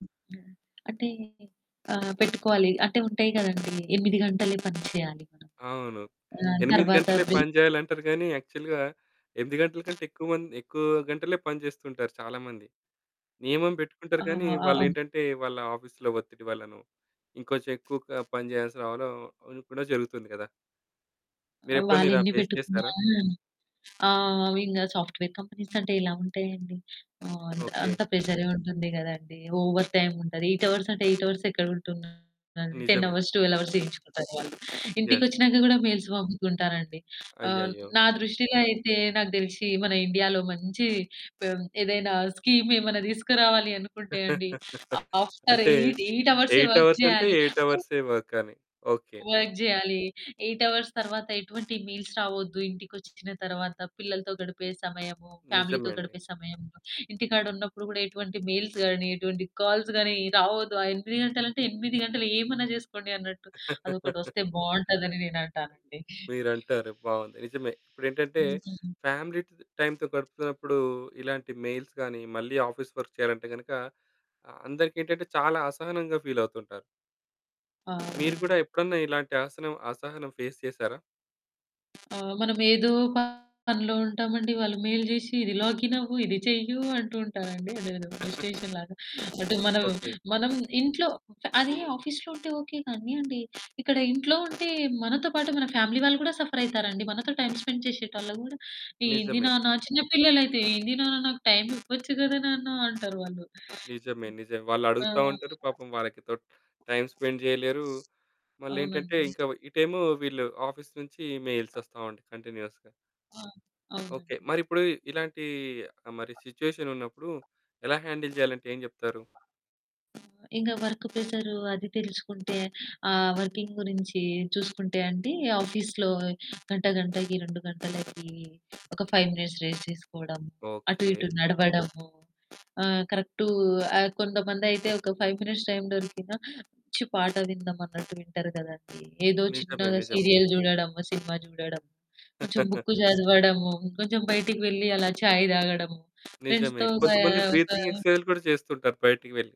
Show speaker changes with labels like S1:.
S1: [unintelligible] ఆహ్, అంటే ఆ! పెట్టుకోవాలి. అంటే, ఉంటాయి కదండీ 8 గంటలే పని చేయాలి మనం.
S2: అవును.
S1: ఆహ్,
S2: 8
S1: తర్వాత
S2: గంటలే
S1: బ్రే
S2: పని జేయాలంటారు. గానీ యాక్చువల్‌గా 8 గంటల కంటే ఎక్కువ మంది ఎక్కువ గంటలే పనిజేస్తూ ఉంటారు చాలామంది. నియమం పెట్టుకుంటారు
S1: ఆ!
S2: కానీ,
S1: ఆ! అవును.
S2: వాళ్ళేంటంటే వాళ్ళ ఆఫీస్‌లో ఒత్తిడి వల్లనో, ఇంకొంచెం ఎక్కువగా పని జేయాల్సి రావడం అది కూడా జరుగుతుంది గదా!
S1: ఆ!
S2: మీరెప్పుడైనా ఇలా
S1: వాళ్ళెన్ని
S2: ఫేస్
S1: పెట్టుకున్నా,
S2: చేసారా?
S1: ఆ! ఇంగ సాఫ్ట్‌వేర్ కంపెనీస్ అంటే ఎలా ఉంటాయండి? ఆహ్, అంత్
S2: ఓకే.
S1: అంత ప్రెజరే ఉంటుంది గదండీ. ఓవర్ టైముంటది. 8 అవర్స్ అంటే 8 అవర్స్ ఎక్కడ ఉంటున్నామండి. 10
S2: నిజమే.
S1: అవర్స్, 12 అవర్స్ జేయించుకుంటారు వాళ్ళు.
S2: యెస్.
S1: ఇంటికొచ్చినాక గూడా మెయిల్స్ పంపుతుంటారండి. ఆహ్,
S2: అయ్యయ్యో!
S1: నా దృష్టిలో అయితే నాకు దెలిసి మన ఇండియాలో మంచి పెం ఏదైనా స్కీమ్ ఏమన్నా దీసుకురావాలి అనుకుంటే అండి, ఆఫ్టర్
S2: అంటే,
S1: 8- 8 అవర్స్
S2: 8
S1: వర్క్
S2: అవర్స్ అంటే,
S1: జేయాలి
S2: 8
S1: అని
S2: అవర్స్ వర్కని. ఓకే.
S1: వర్క్ జేయాలి. 8 అవర్స్ తర్వాత ఎటువంటి మెయిల్స్ రావద్దు, ఇంటికొచ్చిన తర్వాత పిల్లలతో గడిపే సమయము,
S2: నిజమే
S1: ఫ్యామిలీతో
S2: అండి.
S1: గడిపే సమయము, ఇంటికాడ ఉన్నప్పుడు గూడా ఎటువంటి మెయిల్స్ గాని, ఎటువంటి కాల్స్ గాని, రావద్దు. ఆ 8 గంటలంటే 8 గంటలు ఏమన్నా జేసుకోండి అన్నట్టు అదొకటొస్తే బావుంటదని నేనంటానండి.
S2: మీరంటారు బావుంది. నిజమే. ఇప్పుడేంటంటే,
S1: అవునా!
S2: ఫ్యామిలీ టైంతో గడుపుతున్నప్పుడు ఇలాంటి మెయిల్స్ గానీ, మళ్ళీ ఆఫీస్ వర్క్ చేయాలంటే గనుక, ఆ! అందరికేటంటే చాలా అసహనంగా ఫీలవుతుంటారు. మీరు కూడా
S1: అవునండి.
S2: ఎప్పుడన్నా ఇలాంటి అసనం అసహనం ఫేస్ చేశారా?
S1: ఆ! మనం ఏదో పనిలో ఉంటామండి. వాళ్ళు మెయిల్ జేసి ఇది లాగినవ్వు, ఇది చెయ్యు అంటూ ఉంటారండి. అదేదో డిస్టేషన్‌ లాగా. అటు మనం
S2: ఓకే.
S1: మనం ఇంట్లో, అది ఆఫీస్‌లో ఉంటే ఓకే కానీ అండి ఇక్కడ ఇంట్లో ఉంటే మనతో పాటు మన ఫ్యామిలీ వాళ్ళు కూడా సఫరయితారండి. మనతో టైమ్ స్పెండ్ చేసేటోళ్ళు గూడా, "ఏంది
S2: నిజమే.
S1: నాన్న" చిన్న పిల్లలైతే "ఏంది నాన్న నాకు టైమివ్వొచ్చు గదా నాన్న" అంటారు వాళ్ళు.
S2: నిజమే. నిజమే. వాళ్ళు
S1: ఆ!
S2: అడుగుతా ఉంటారు. పాపం వాళ్ళకి తోటి టైమ్ స్పెండ్ జేయలేరు. మళ్ళేంటంటే
S1: అవునండి.
S2: ఇంకవు ఇటేమో వీళ్ళు ఆఫీస్ నుంచి మెయిల్స్
S1: అ!
S2: వస్తా ఉంటయి కంటిన్యూయస్‌గా.
S1: ఆ!
S2: ఓకే.
S1: అవునండి.
S2: మరి ఇప్పుడు ఇలాంటి ఆహ్, మరి
S1: అ!
S2: సిచ్యువేషన్ ఉన్నప్పుడు, ఎలా హ్యాండిల్ జేయాలంటే ఏం చెప్తారు?
S1: అ! ఇంకా వర్క్ ప్రెజరు అది తెలుసుకుంటే, ఆ వర్కింగ్ గురించి చూసుకుంటే అండి ఆఫీస్‌లో గంట గంటకి, 2 గంటలకి ఒక 5 మినిట్స్ రెస్ట్ తీసుకోవడం. అటూ ఇటు
S2: ఓకే.
S1: నడవడము. ఆహ్, కరెక్టు ఆహ్, కొంతమందయితే ఒక 5 మినిట్స్ టైమ్ దొరికినా మంచి పాట విందాం అన్నట్టు వింటారు గదండీ. ఏదో
S2: నిజమే.
S1: చిన్నగా
S2: నిజమే.
S1: సీరియల్ జూడడము, సినిమా జూడడము, కొంచెం బుక్కు జదవడము, కొంచెం బయటికి వెళ్ళి అలా ఛాయ్ దాగడం
S2: నిజమే.
S1: ఫ్రెండ్స్‌తో గయా
S2: కొంతమంది
S1: గా
S2: బ్రీథింగ్ ఎక్సర్‌సైజులు కూడా చేస్తూ ఉంటారు బయటికి వెళ్ళి.